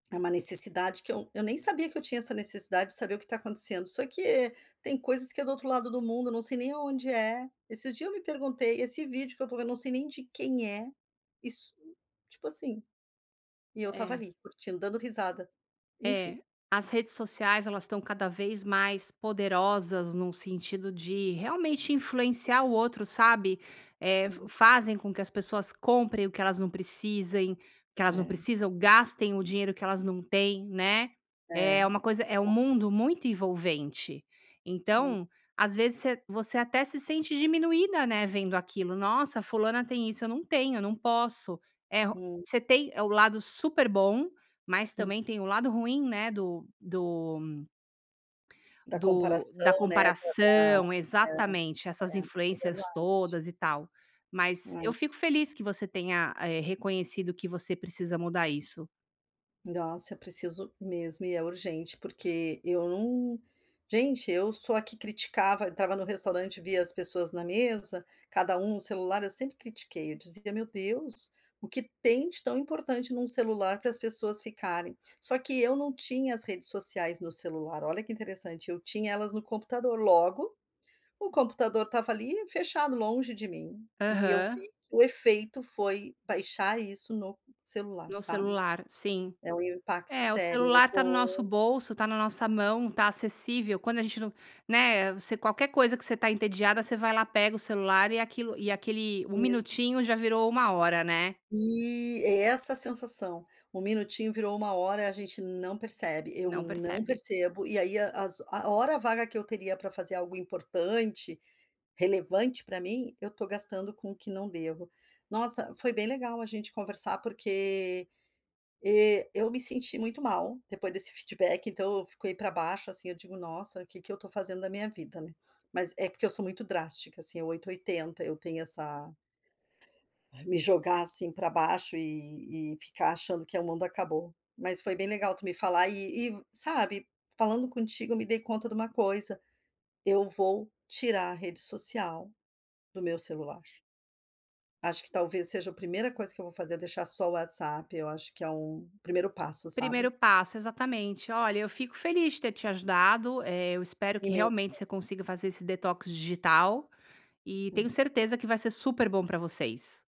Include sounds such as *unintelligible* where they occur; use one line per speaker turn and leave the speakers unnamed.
É uma necessidade que eu eu nem sabia que eu tinha essa necessidade de saber o que tá acontecendo, só que tem coisas que é do outro lado do mundo, não sei nem aonde é. Esses dias eu me perguntei: “Esse vídeo que eu estou vendo, eu não sei nem de quem é”, isso, tipo assim. E eu estava
É.
ali, curtindo, dando risada. Enfim.
É. As redes sociais elas estão cada vez mais poderosas num sentido de realmente influenciar o outro, sabe? Eh, fa
Hum.
fazem com que as pessoas comprem o que elas não precisem, que elas não
É.
precisam, gastem o dinheiro que elas não têm, né?
É.
É uma coisa, é um
Verdade.
mundo muito envolvente.
É.
Então, às vezes você você até se sente diminuída, né, vendo aquilo. "Nossa, fulana tem isso, eu não tenho, eu não posso". É o
Hum.
você tem o lado super bom mas
Hum.
também tem o lado ruim, né, do do
Da
do da
comparação, né? Da da
comparação.
é,
Exatamente. Essas
é, é
influências
verdade.
todas e tal. Mas eu
Hum.
fico feliz que você tenha, eh, reconhecido que você precisa mudar isso.
Nossa, preciso mesmo, e é urgente porque eu não, gente eu sou a que criticava, eu estava no restaurante via as pessoas na mesa, cada um no celular, eu sempre critiquei, eu dizia: "Meu Deus, o que tem de tão importante num celular pras pessoas ficarem?". Só que eu não tinha as redes sociais no celular, olha que interessante, eu tinha elas no computador, logo, o computador estava ali fechado, longe de mim, e eu vi
Aham.
o efeito foi baixar isso no celular,
No
sabe?
celular. Sim.
É um impacto
É, o
sério, eu
celular tá no
vou
nosso bolso, tá na nossa mão, tá acessível. Quando a gente não né, você qualquer coisa que você tá entediada, você vai lá, pega o celular e aquilo e aquele 1
Isso.
minutinho já virou 1 hora, né.
E é essa a sensação. 1 minutinho virou 1 hora, a gente não percebe, eu
Não
não
percebe.
percebo, e aí a as a hora vaga que eu teria pra fazer algo importante, relevante pra mim, eu estou gastando com o que não devo. Nossa, foi bem legal a gente conversar, porque, eh, eu me senti muito mal. Depois desse feedback, então, eu fiquei pra baixo, assim, eu digo: “Nossa, o que que eu estou fazendo da minha vida, né?” Mas é porque eu sou muito drástica, assim, é 8, 80 eu tenho essa Me jogar assim pra baixo e e ficar achando que o mundo acabou, mas foi bem legal tu me falar e e sabe, falando contigo eu me dei conta de uma coisa. Eu vou tirar a rede social, do meu celular. Acho que talvez seja o primeira coisa que eu vou fazer é deixar só o WhatsApp, acho que é o primeiro passo, sabe.
Primeiro passo, exatamente. Olha, eu fico feliz de ter te ajudado, eh, eu espero
E
que
me
realmente
ajudou.
você consiga fazer esse detox digital e tenho
*unintelligible*
certeza que vai ser super bom pra vocês.